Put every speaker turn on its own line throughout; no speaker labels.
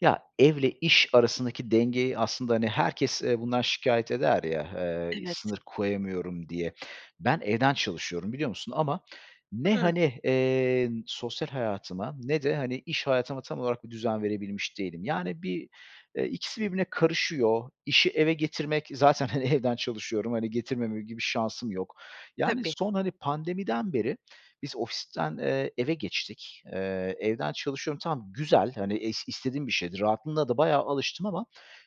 Ya, ev ile iş arasındaki dengeyi aslında, hani, herkes, eee, bundan şikâyet eder ya, eee,
Evet.
"Sınır koyamıyorum." diye, ben evden çalışıyorum biliyor musun? Ama ne,
Hıı.
hani, eee, sosyal hayatıma ne de, hani, iş hayatıma tam olarak bir düzen verebilmiş değilim. Yani, bir, eee, ikisi birbirine karışıyor. İşi eve getirmek zaten hani evden çalışıyorum, hani, getirmemem gibi şansım yok. Yani,
Tabii.
son, hani, pandemiden beri, biz ofisten, eee, eve geçtik. Eee, evden çalışıyorum tamam güzel, hani, es istediğim bir şeydi. Rahatlığına da bayağı alıştım ama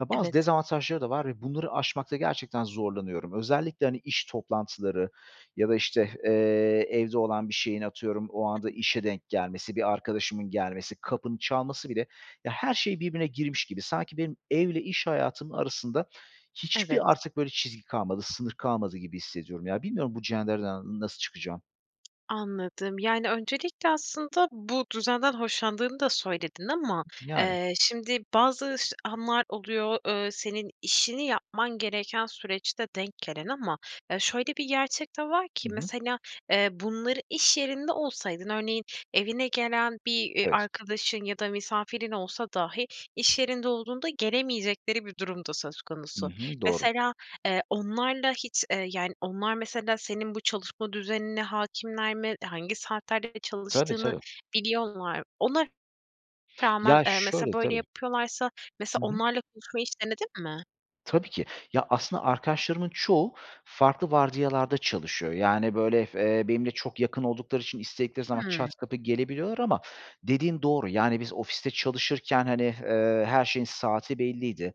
ya bazı
Evet.
dezavantajları da var ve bunları aşmakta gerçekten zorlanıyorum. Özellikle, hani, iş toplantıları ya da, işte, eee, evde olan bir şeyin atıyorum o anda
[unintelligible]
işe denk gelmesi, bir arkadaşımın gelmesi, kapının çalması bile ya, her şey birbirine girmiş gibi. Sanki benim ev ile iş hayatımın arasında,
Evet.
hiçbir artık böyle çizgi kalmadı, sınır kalmadı gibi hissediyorum. Ya bilmiyorum bu cendereden n nasıl çıkacağım.
Anladım. Yani, öncelikle aslında, bu düzenden hoşlandığını da söyledin ama,
Yani.
eee, şimdi bazı ş anlar oluyor, eee, senin işini yapman gereken süreçte denk gelen ama ya, şöyle bir gerçek de var
Hı
ki
hı.
mesela, eee, bunları, iş yerinde olsaydın, örneğin evine gelen bir, eee,
Evet.
arkadaşın ya da misafirin olsa dahi i̇ş yerinde olduğunda gelemeyecekleri bir durum da söz
Hı
konusu.
hı, doğru.
Mesela, eee, onlarla hiç, eee, yani, onlar mesela senin bu çalışma düzenine hâkimler mi? Hangi saatlerde de
Tabii
çalıştığını
tabii.
biliyorlar mı? Ona rağmen,
Ya
eee, mesela
şöyle
böyle
tabii.
yapıyorlarsa, mesela
Hı hı.
onlarla konuşmayı hiç denedin mi?
Tabii ki. Ya, aslında arkadaşlarımın çoğu farklı vardiyalarda çalışıyor. Yani, böyle f eee, benimle çok yakın oldukları için istedikleri zaman
Hıı.
çat kapı gelebiliyorlar ama dediğin doğru, yani, biz ofiste çalışırken, hani, eee, her şeyin saati belliydi.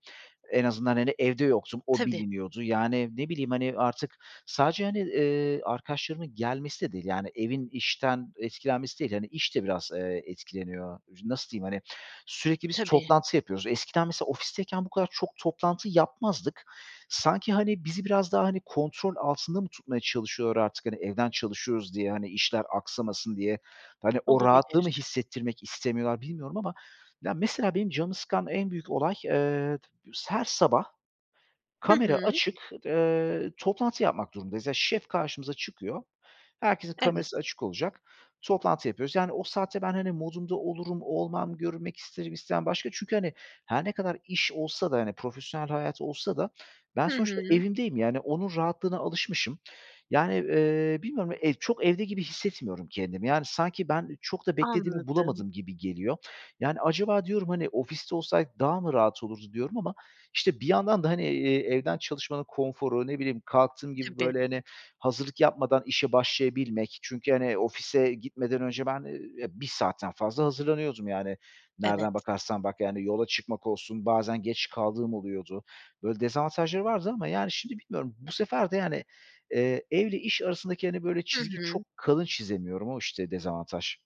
En azından, hani, evde yoktum o
Tabii.
biliniyordu. Yani, ne bileyim, hani, artık sadece, hani, eee, arkadaşlarımın gelmesi de değil, yani, evin işten etkilenmesi değil, hani, iş de biraz, eee, etkileniyor. Nasıl diyeyim, hani, sürekli biz
Tabii.
toplantı yapıyoruz. Eskiden mesela ofisteyken bu kadar çok toplantı yapmazdık. Sanki, hani, bizi biraz daha hani, kontrol altında mı tutmaya çalışıyorlar artık, hani, evden çalışıyoruz diye, hani, işler aksamasın diye, hani, o rahatlığı mı
Olabilir.
hissettirmek istemiyorlar bilmiyorum ama ya, mesela benim canımı sıkan en büyük olay, eee, her sabah
Hı
kamera
hı.
açık, eee, toplantı yapmak durumundayız. Ya, şef karşımıza çıkıyor. Herkesin
Evet.
kamerası açık olacak. Toplantı yapıyoruz, yani, o saatte ben, hani, modumda olurum, olmam, görünmek isterim istemem başka çünkü, hani, her ne kadar iş olsa da, hani, profesyonel hayat olsa da ben
Hı
sonuçta
hı.
evimdeyim, yani, onun rahatlığına alışmışım. Yani, eee, bilmiyorum ya ev çok evde gibi hissetmiyorum kendimi. Yani, sanki ben çok da beklediğimi
Anladım.
bulamadım gibi geliyor. Yani, acaba diyorum, hani, ofiste olsaydık daha mı rahat olurdu diyorum ama işte, bir yandan da, hani, eee, evden çalışmanın konforu, ne bileyim, kalktığım gibi,
Tabii.
böyle, hani, hazırlık yapmadan işe başlayabilmek çünkü hani, ofise gitmeden önce ben, eee, ya 1 saatten fazla hazırlanıyordum yani, nereden
Evet.
bakarsan bak yani yola çıkmak olsun, bazen geç kaldığım oluyordu. Böyle dezavantajları vardı ama, yani, şimdi bilmiyorum bu sefer de, yani, eee, ev ile iş arasındaki, hani, böyle
Hı
çizgi çok
hı.
kalın çizemiyorum. O işte dezavantaj.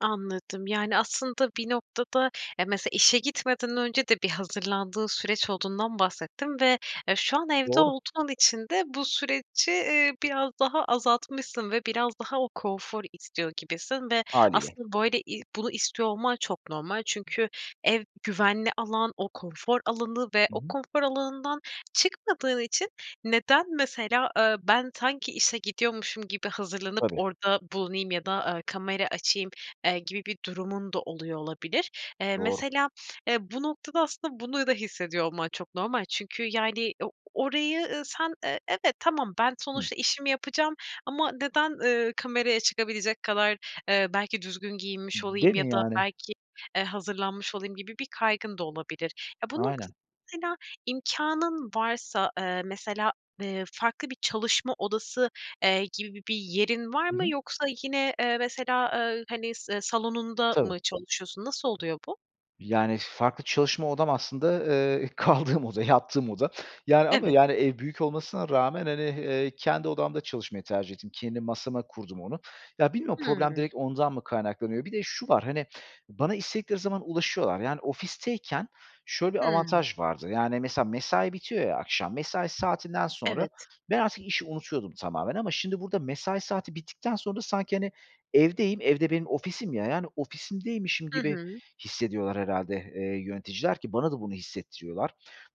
Anladım. Yani, aslında bir noktada eee, mesela işe gitmeden önce de bir hazırlandığın süreç olduğundan bahsettin ve, eee, şu an evde
Doğru.
olduğun için de bu süreci, eee, biraz daha azaltmışsın ve biraz daha o konfor istiyor gibisin ve
Hâliyle.
aslında böyle i bunu istiyor olman çok normal. Çünkü ev güvenli alan, o konfor alanı ve
Hı
o
hı.
konfor alanından çıkmadığın için, "Neden mesela, eee, ben sanki işe gidiyormuşum gibi hazırlanıp
Tabii.
orada bulunayım ya da, eee, kamera açayım?" eee, gibi bir durumun da oluyor olabilir. Eee,
Doğru.
mesela, eee, bu noktada aslında bunu da hissediyor olman çok normal. Çünkü yani, o orayı, ııı, sen, eee, evet "Tamam ben
Hı.
sonuçta işimi yapacağım ama neden, ııı, kameraya çıkabilecek kadar, eee, belki düzgün giyinmiş
Değil
olayım ya
mi
da
yani?
belki, eee, hazırlanmış olayım?" gibi bir kaygın da olabilir. Ya, bu
Aynen.
noktada mesela, imkânın varsa, eee, mesela, eee, farklı bir çalışma odası, eee, gibi bir yerin var
Hı
mı?
hı.
Yoksa yine, eee, mesela, eee, hani, salonunda
Tabii.
mı çalışıyorsun? Nasıl oluyor bu?
Yani, farklı çalışma odam aslında, eee, kaldığım oda, yattığım oda yani ama
Evet.
yani, ev büyük olmasına rağmen, hani, eee, kendi odamda çalışmayı tercih ettim. Kendi masama kurdum onu. Ya, bilmiyorum problem
Hıı.
direkt ondan mı kaynaklanıyor? Bir de şu var, hani, bana istedikleri zaman ulaşıyorlar, yani, ofisteyken şöyle bir
Hıı.
avantaj vardı, yani, mesela mesai bitiyor ya akşam, mesai saatinden sonra
Evet.
ben artık işi unutuyordum tamamen ama şimdi burada mesai saati bittikten sonra sanki, hani, evdeyim, ev de benim ofisim ya, yani, ofisimdeymişim
Hı
gibi
hı.
hissediyorlar herhâlde, eee, yöneticiler ki bana da bunu hissettiriyorlar.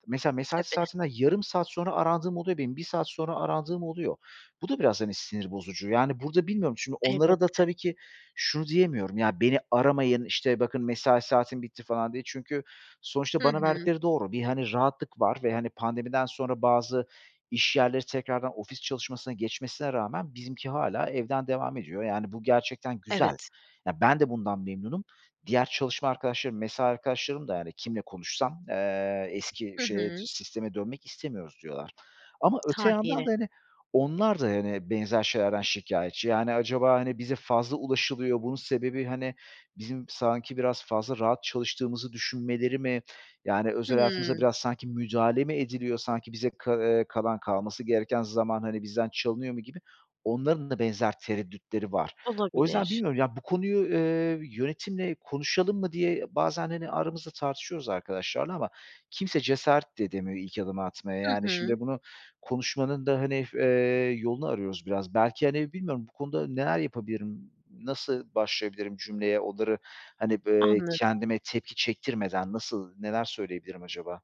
Mesela, mesai
Tabii.
saatimden yarım saat sonra arandığım oluyor benim, 1 saat sonra arandığım oluyor. Bu da biraz, hani, sinir bozucu, yani, burada bilmiyorum, çünkü onlara da tabii
Elbette.
ki şunu diyemiyorum "Ya beni aramayın, işte, bakın mesai saatim bitti." falan diye. Çünkü
Hı
sonuçta bana
hı.
verdikleri doğru bir, hani, rahatlık var ve hani pandemiden sonra bazı iş yerleri tekrardan ofis çalışmasına geçmesine rağmen bizimki hâlâ evden devam ediyor, yani, bu gerçekten güzel.
Evet.
Ya, ben de bundan memnunum. Diğer çalışma arkadaşlarım, mesai arkadaşlarım da, yani, kimle konuşsam, eee, eski
Hı
şeye
hı.
sisteme dönmek istemiyoruz diyorlar ama öte yandan
Hâliyle.
da, hani, onlar da hani benzer şeylerden şikâyetçi. Yani, acaba, hani, bize fazla ulaşılıyor bunun sebebi, hani, bizim sanki biraz fazla rahat çalıştığımızı düşünmeleri mi yani özel hayatımıza
Hıı.
biraz sanki müdahale mi ediliyor sanki bize ka eee, kalan kalması gereken zaman, hani, bizden çalınıyor mu gibi onların da benzer tereddütleri var. O yüzden
Olabilir.
bilmiyorum, yani, "Bu konuyu, eee, yönetimle konuşalım mı?" diye bazen hani, aramızda tartışıyoruz arkadaşlarla ama kimse cesaret de edemiyor ilk adımı atmaya,
Hı
yani,
hı.
şimdi bunu konuşmanın da, hani, eee, yolunu arıyoruz biraz belki, hani, bilmiyorum bu konuda neler yapabilirim, Nasıl başlayabilirim cümleye onları, hani, b eee,
Anladım.
kendime tepki çektirmeden nasıl neler söyleyebilirim acaba?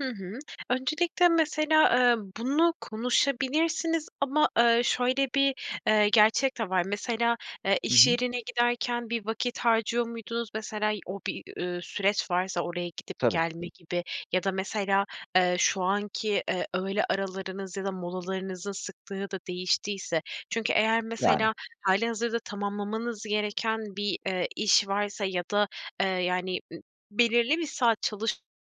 Hı hı. Öncelikle mesela, eee, bunu konuşabilirsiniz ama, eee, şöyle bir, eee, gerçek de var. Mesela, eee,
Hı
iş
hı.
yerine giderken bir vakit harcıyor muydunuz? Mesela, o bir, ııı, süreç varsa oraya gidip
Tabii.
gelme gibi ya da mesela, eee, şu anki, eee, öğle aralarınız ya da molalarınızın sıklığı da değiştiyse. Çünkü eğer mesela
Yani.
hâlihazırda tamamlamanız gereken bir, eee, iş varsa ya da, eee, yani, ı belirli bir saat çalışmanız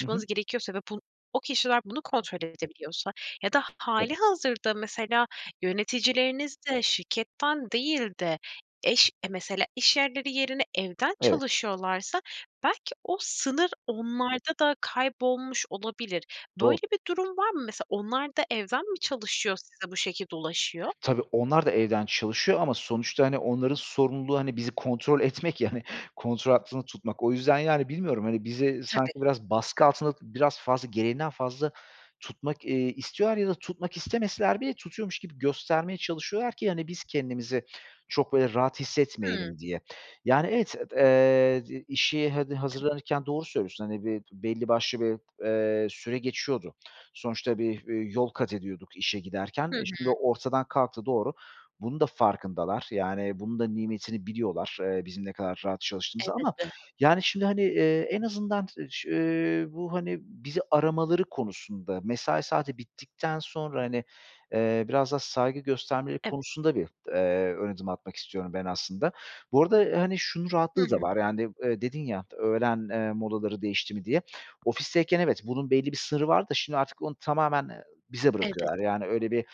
Hı hı.
gerekiyorsa ve bun o kişiler bunu kontrol edebiliyorsa ya da ha
Tabii.
hâlihazırda mesela yöneticilerinizde şirketten değil de eş eee, mesela iş yerleri yerine evden
Evet.
çalışıyorlarsa belki o sınır onlarda da kaybolmuş olabilir.
Doğru.
Böyle bir durum var mı? Mesela onlarda evden mi çalışıyor size bu şekilde ulaşıyor?
Tabii onlar da evden çalışıyor ama sonuçta, hani, onların sorumluluğu, hani, bizi kontrol etmek ya, hani, kontrol altında tutmak. O yüzden, yani, bilmiyorum, hani, bizi sanki
Tabii.
biraz baskı altında biraz fazla gereğinden fazla tutmak, eee, istiyorlar ya da tutmak istemeseler bile tutuyormuş gibi göstermeye çalışıyorlar ki, hani, biz kendimizi çok, böyle, rahat
Hıı.
hissetmeyelim diye. Yani, evet et eee, zi işi hadi
Tabii.
hazırlanırken doğru söylüyorsun, hani, bir belli başlı bir, eee, süre geçiyordu. Sonuçta bir, eee, yol kat ediyorduk işe giderken.
Hı
E, şimdi
hı.
o ortadan kalktı, doğru. Bunun da farkındalar. Yani, bunun da nimetini biliyorlar, eee, bizim ne kadar rahat çalıştığımızı ama,
Elbette.
yani, şimdi, hani, eee, en azından, [unintelligible] ııı, bu, hani, bizi aramaları konusunda, mesai saati bittikten sonra, hani, eee, biraz daha saygı göstermeleri
Evet.
konusunda bir, eee, ön adım atmak istiyorum ben aslında. Bu arada, hani, şunun
Hı
rahatlığı da
hı.
var yani, eee, dedin ya, "Öğlen, eee, molaları değişti mi?" diye. Ofisteyken evet, bunun belli bir sınırı vardı da şimdi artık onu tamamen, eee, bize
Evet.
bırakıyorlar yani öyle bir,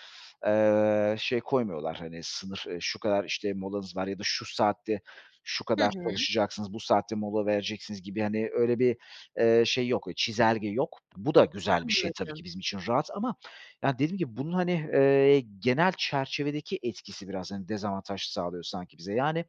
eee, şey koymuyorlar, hani, sınır; şu kadar işte molanız var ya da şu saatte şu
Hı
kadar
hı.
çalışacaksınız, bu saatte mola vereceksiniz gibi, hani, öyle, bir, eee, şey yok, çizelge yok. Bu da güzel bir şey, tabii ki
Anladım.
bizim için rahat ama yani, dediğim gibi bunun, hani, eee, genel çerçevedeki etkisi biraz, hani, dezavantaj sağlıyor sanki bize. Yani,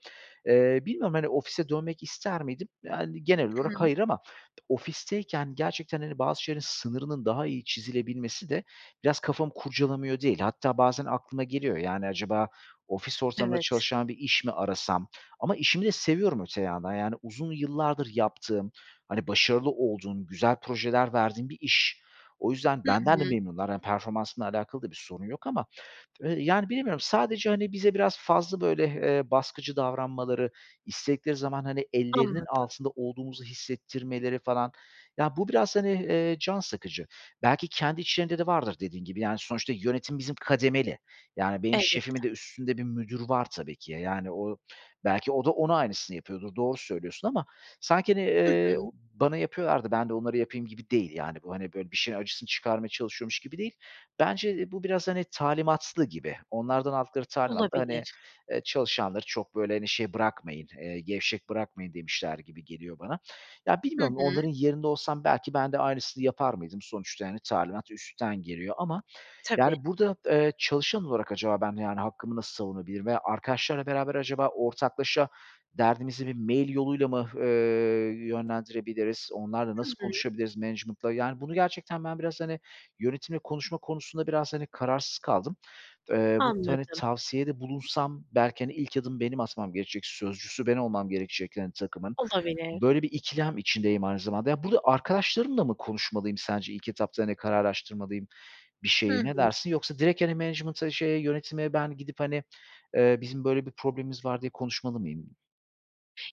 eee, bilmiyorum, hani, ofise dönmek ister miydim? Yani, genel
Hı hı.
olarak hayır ama ofisteyken gerçekten hani bazı şeylerin sınırının daha iyi çizilebilmesi de biraz kafamı kurcalamıyor değil. Hatta bazen aklıma geliyor, yani, acaba ofis ortamında
Evet.
çalışan bir iş mi arasam ama işimi de seviyorum öte yandan yani, uzun yıllardır yaptığım, hani, başarılı olduğum, güzel projeler verdiğim bir iş. O yüzden
Hı
benden de
hı.
memnunlar hani performansımla alakalı da bir sorun yok ama, eee, yani bilemiyorum sadece, hani, bize biraz fazla böyle, eee, baskıcı davranmaları, istedikleri zaman, hani, ellerinin
Anladım.
altında olduğumuzu hissettirmeleri falan, ya, bu biraz, hani, eee, can sıkıcı. Belki, kendi içlerinde de vardır dediğin gibi, yani, sonuçta yönetim bizim kademeli. Yani, benim
Elbette.
şefimin de üstünde bir müdür var, tabii ki. Ya, yani, o belki o da ona aynısını yapıyordur, doğru söylüyorsun ama sanki, hani,
Hı
eee,
hı.
bana yapıyorlar da ben de onlara yapayım gibi değil, yani, bu hani, böyle, bir şeyin acısını çıkarmaya çalışıyormuş gibi değil. Bence, eee, bu biraz, hani, talimatlı gibi, onlardan aldıkları talimatla, hani,
Olabilir.
eee, çalışanları çok, böyle, hani, şey bırakmayın, eee, gevşek bırakmayın demişler gibi geliyor bana. Ya,
Hı
bilmiyorum
hı.
onların yerinde olsam, belki ben de aynısını yapar mıydım? Sonuçta, hani, talimat üstten geliyor ama
Tabii.
yani, burada, eee, çalışan olarak acaba ben yani hakkımı nasıl savunabilirim veya arkadaşlarla beraber acaba ortaklaşa derdimizi bir mail yoluyla mı, eee, yönlendirebiliriz? Onlarla
Hı
nasıl
hı.
konuşabiliriz, management'la? Yani, bunu gerçekten ben biraz, hani, yönetimle konuşma konusunda biraz, hani, kararsız kaldım. Eee, bu t hani,
Anladım.
tavsiyede bulunsam belki, hani, ilk adımı benim atmam gerekecek, sözcüsü ben olmam gerekecek, hani, takımın.
Olabilir.
Böyle bir ikilem içindeyim aynı zamanda. Ya, burda arkadaşlarımla mı konuşmalıyım sence ilk etapta hani kararlaştırmalıyım bir
Hı
şeyi? Ne
hı.
dersin? Yoksa direkt, hani, management'a, şeye, yönetime ben gidip, hani, eee, bizim böyle bir problemimiz var diye konuşmalı mıyım?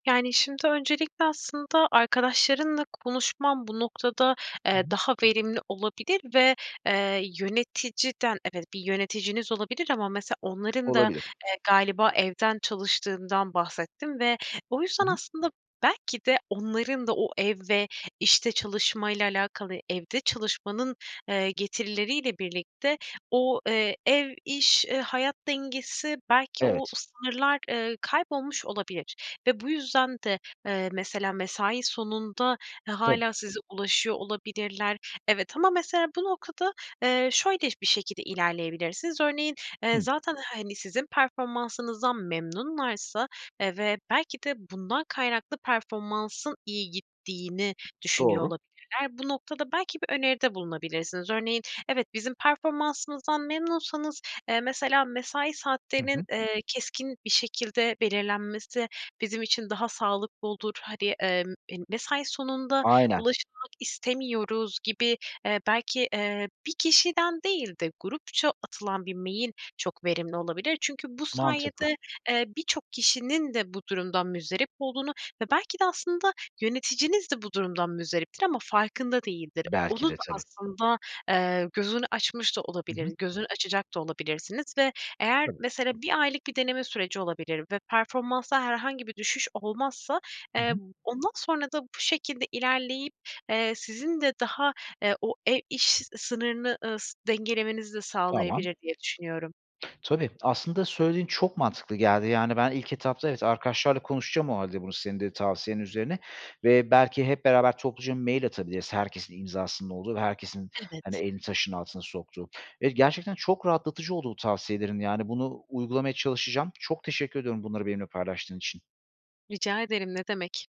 Yani, şimdi öncelikle aslında arkadaşlarınla konuşman bu noktada,
Hı
eee,
hı.
daha verimli olabilir ve, eee, yöneticiden, evet bir yöneticiniz olabilir ama mesela onların da,
Olabilir.
eee, galiba evden çalıştığından bahsettin ve o
Hı
yüzden,
hı.
aslında, belki de onların da o ev ve işte çalışmayla alakalı evde çalışmanın, eee, getirileriyle birlikte o, eee, ev, iş, eee, hayat dengesi belki o
Evet.
sınırlar, ııı, kaybolmuş olabilir. Ve bu yüzden de, eee, mesela mesai sonunda, eee,
Tabii.
hâlâ size ulaşıyor olabilirler. Evet ama mesela bu noktada, eee, şöyle bir şekilde ilerleyebilirsiniz: Örneğin, eee,
Hımm.
zaten hani sizin performansınızdan memnunlarsa, eee, ve belki de bundan kaynaklı performansın iyi gittiğini düşünüyor
Doğru.
olabilirler. Bu noktada belki bir öneride bulunabilirsiniz. Örneğin, "Evet, bizim performansımızdan memnunsanız, eee, mesela mesai
Hı
saatlerinin,
hı.
eee, keskin bir şekilde belirlenmesi bizim için daha sağlıklı olur. Hani, eee, m mesai sonunda
Aynen.
ulaşılmak istemiyoruz." gibi, eee, belki, eee, bir kişiden değil de grupça atılan bir mail çok verimli olabilir. Çünkü bu
Mantıklı.
sayede, eee, birçok kişinin de bu durumdan muzdarip olduğunu ve belki de aslında yöneticiniz de bu durumdan muzdariptir ama farkında değildir.
Belki
Onun
de, tabii.
aslında, eee, gözünü açmış da
Hı hı.
olabilir, gözünü açacak da olabilirsiniz ve eğer,
Tabii.
mesela 1 aylık bir deneme süreci olabilir ve performansta herhangi bir düşüş olmazsa,
Hı
eee,
hı.
ondan sonra da bu şekilde ilerleyip, eee, sizin de daha, eee, o e iş sınırını, ııı, s dengelemenizi de
Tamam.
sağlayabilir diye düşünüyorum.
Tabii, aslında söylediğin çok mantıklı geldi yani ben ilk etapta evet arkadaşlarla konuşacağım o hâlde bunu senin de tavsiyen üzerine ve belki hep beraber topluca mail atabiliriz, herkesin imzasının olduğu ve herkesin hani
Evet.
elini taşın altına soktuğu. Evet, gerçekten çok rahatlatıcı oldu bu tavsiyelerin yani bunu uygulamaya çalışacağım. Çok teşekkür ediyorum bunları benimle paylaştığın için.
Rica ederim, ne demek.